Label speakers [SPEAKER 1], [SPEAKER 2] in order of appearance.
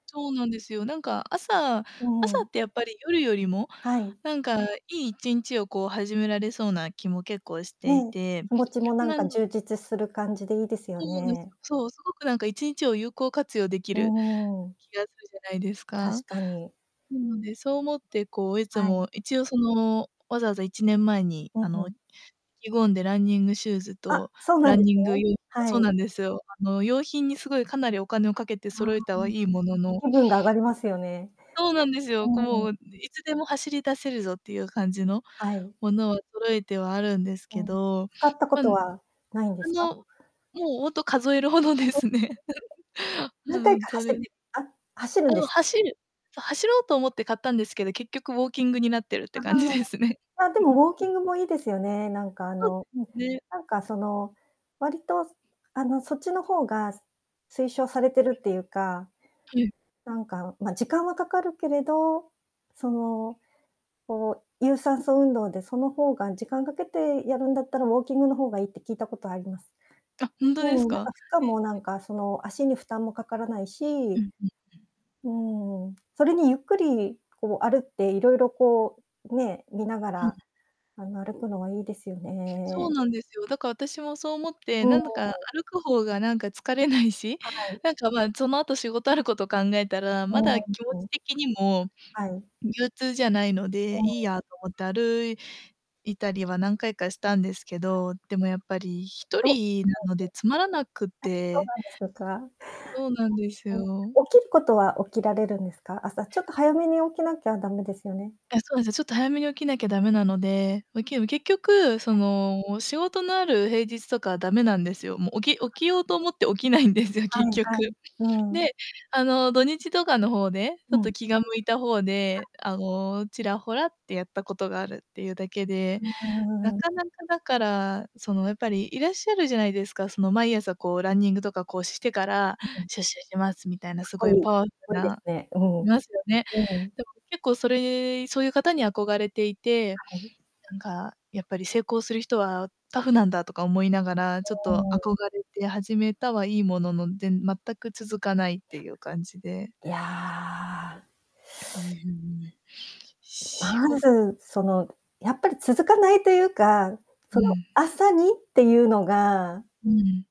[SPEAKER 1] そうなんですよ。なんか朝
[SPEAKER 2] う
[SPEAKER 1] 朝
[SPEAKER 2] ん。
[SPEAKER 1] ってやっぱり夜よりも、
[SPEAKER 2] はい。
[SPEAKER 1] なんか良い1日をこう始められそうな気も結構してい
[SPEAKER 2] ね。
[SPEAKER 1] て。
[SPEAKER 2] 気持ちもなん
[SPEAKER 1] なん
[SPEAKER 2] か充実する感じでいいですよ
[SPEAKER 1] そうなんです。
[SPEAKER 2] ね。
[SPEAKER 1] そう、すごくなんか1日を有効活用でき
[SPEAKER 2] う
[SPEAKER 1] る
[SPEAKER 2] ーん。
[SPEAKER 1] 気がするじゃないですか。
[SPEAKER 2] 確かに。
[SPEAKER 1] なので、そう思って、こう、いつ
[SPEAKER 2] はい。
[SPEAKER 1] も一応、その、わざわざ1年前に、
[SPEAKER 2] う
[SPEAKER 1] あ
[SPEAKER 2] んう
[SPEAKER 1] の、
[SPEAKER 2] ん。
[SPEAKER 1] 意気込んでランニングシューズ
[SPEAKER 2] あ、
[SPEAKER 1] と
[SPEAKER 2] そうな
[SPEAKER 1] ラ
[SPEAKER 2] ん
[SPEAKER 1] ン
[SPEAKER 2] です
[SPEAKER 1] ニング
[SPEAKER 2] ね。
[SPEAKER 1] 用
[SPEAKER 2] は
[SPEAKER 1] そう
[SPEAKER 2] い。
[SPEAKER 1] なんですよ。あの、用品にすごいかなりお金をかけて
[SPEAKER 2] ああ。
[SPEAKER 1] 揃えたはいいものの
[SPEAKER 2] 気分が上がりますよね。
[SPEAKER 1] そうなんですよ。
[SPEAKER 2] う
[SPEAKER 1] こ
[SPEAKER 2] ん。
[SPEAKER 1] う「いつでも走り出せるぞ」っていう感じの
[SPEAKER 2] はい。
[SPEAKER 1] ものを揃えてはあるんです
[SPEAKER 2] う
[SPEAKER 1] け
[SPEAKER 2] ん、
[SPEAKER 1] ど、
[SPEAKER 2] 使ったこ
[SPEAKER 1] まあ
[SPEAKER 2] とは、ないんですか？
[SPEAKER 1] の、もうほんと数えるほどですね。は
[SPEAKER 2] 何
[SPEAKER 1] う
[SPEAKER 2] 回
[SPEAKER 1] ん、
[SPEAKER 2] か
[SPEAKER 1] そ
[SPEAKER 2] 走っ
[SPEAKER 1] れ。
[SPEAKER 2] てあ、走る
[SPEAKER 1] あ
[SPEAKER 2] んで
[SPEAKER 1] の、
[SPEAKER 2] す。
[SPEAKER 1] 走る走ろうと思って買ったんですけど、結局ウォーキングになってるっ
[SPEAKER 2] あ
[SPEAKER 1] て感じですね。
[SPEAKER 2] あ。あ、でもウォーキングもいいですよね、なんかあ
[SPEAKER 1] そ
[SPEAKER 2] の、うん、
[SPEAKER 1] ね。
[SPEAKER 2] なんかその、割とすあの、そっちの方がす推奨されてるっていうか。
[SPEAKER 1] はい。
[SPEAKER 2] なんか、ま、時間はかかるけれど、その、こう有酸素運動でその方が時間かけてやるんだったらウォーキングの方がいいって聞いたことあります。
[SPEAKER 1] あ、ほんと
[SPEAKER 2] う
[SPEAKER 1] です
[SPEAKER 2] ん、なん
[SPEAKER 1] か？
[SPEAKER 2] か負荷
[SPEAKER 1] へえ。
[SPEAKER 2] も、なんかその、足に負担もかからない
[SPEAKER 1] うん
[SPEAKER 2] し、
[SPEAKER 1] うんうん。
[SPEAKER 2] うん、それにゆっくりこう、あるっていろいろこう、ね、見なが
[SPEAKER 1] うん。
[SPEAKER 2] ら、あの、歩くのはいいですよ
[SPEAKER 1] そう
[SPEAKER 2] ね。
[SPEAKER 1] なんですよ。だから私もそう思って、
[SPEAKER 2] う
[SPEAKER 1] な
[SPEAKER 2] ん。
[SPEAKER 1] んだか歩く方がなんか疲れないし？
[SPEAKER 2] はい。
[SPEAKER 1] なんか、ま、その後仕事あること考えたら、
[SPEAKER 2] う
[SPEAKER 1] ま
[SPEAKER 2] ー
[SPEAKER 1] だ
[SPEAKER 2] ん、
[SPEAKER 1] 気持
[SPEAKER 2] う
[SPEAKER 1] ち
[SPEAKER 2] ん。
[SPEAKER 1] 的にも
[SPEAKER 2] はい。
[SPEAKER 1] 憂鬱じゃないの
[SPEAKER 2] う
[SPEAKER 1] で、
[SPEAKER 2] ん。
[SPEAKER 1] いいやと思って歩いたりは何回かしたんですけど、でもやっぱりひと
[SPEAKER 2] と。あ、
[SPEAKER 1] りなのでつまらなく
[SPEAKER 2] そう
[SPEAKER 1] て。
[SPEAKER 2] なんですか。
[SPEAKER 1] そうなんです
[SPEAKER 2] うん。
[SPEAKER 1] よ。
[SPEAKER 2] 起きることは起きられるんですか、朝ちょっと早めに起きなきゃダメですよね。
[SPEAKER 1] あ、そうです、ちょっと早めに起きなきゃダメなので、ま、けど、結局その仕事のある平日とかダメなんですよ。もう起き起きようと思って起きないんですよ、
[SPEAKER 2] は
[SPEAKER 1] 結
[SPEAKER 2] いは
[SPEAKER 1] 局。
[SPEAKER 2] い、うん。
[SPEAKER 1] で、あの土日とかの方で、ち
[SPEAKER 2] う
[SPEAKER 1] ょっと
[SPEAKER 2] ん。
[SPEAKER 1] 気が向いた方で、あの、ちらほらってやったことがあるっていうだけ
[SPEAKER 2] う
[SPEAKER 1] で、な
[SPEAKER 2] ー
[SPEAKER 1] か
[SPEAKER 2] ん。
[SPEAKER 1] なかだから、その、やっぱりいらっしゃるじゃないですか。その、毎朝、こう、ランニングとかこうしてから
[SPEAKER 2] うん。
[SPEAKER 1] 出社します、みたいな
[SPEAKER 2] かっ
[SPEAKER 1] す
[SPEAKER 2] こ
[SPEAKER 1] ごい
[SPEAKER 2] いい、
[SPEAKER 1] パワフル
[SPEAKER 2] こいいです
[SPEAKER 1] な
[SPEAKER 2] ね。うん、
[SPEAKER 1] いますよね。
[SPEAKER 2] うん。
[SPEAKER 1] でも結構それそういう方に憧れていて、
[SPEAKER 2] はい。
[SPEAKER 1] なんかやっぱり成功する人はタフなんだとか思いながら、ちょっと
[SPEAKER 2] うーん。
[SPEAKER 1] 憧れて始めたはいいものの、でん全く続かないっていう感じで。
[SPEAKER 2] いや。
[SPEAKER 1] うん。しご
[SPEAKER 2] まず、その、やっぱり続かないというか、
[SPEAKER 1] う
[SPEAKER 2] その
[SPEAKER 1] ん。
[SPEAKER 2] 朝にっていうのが
[SPEAKER 1] うん。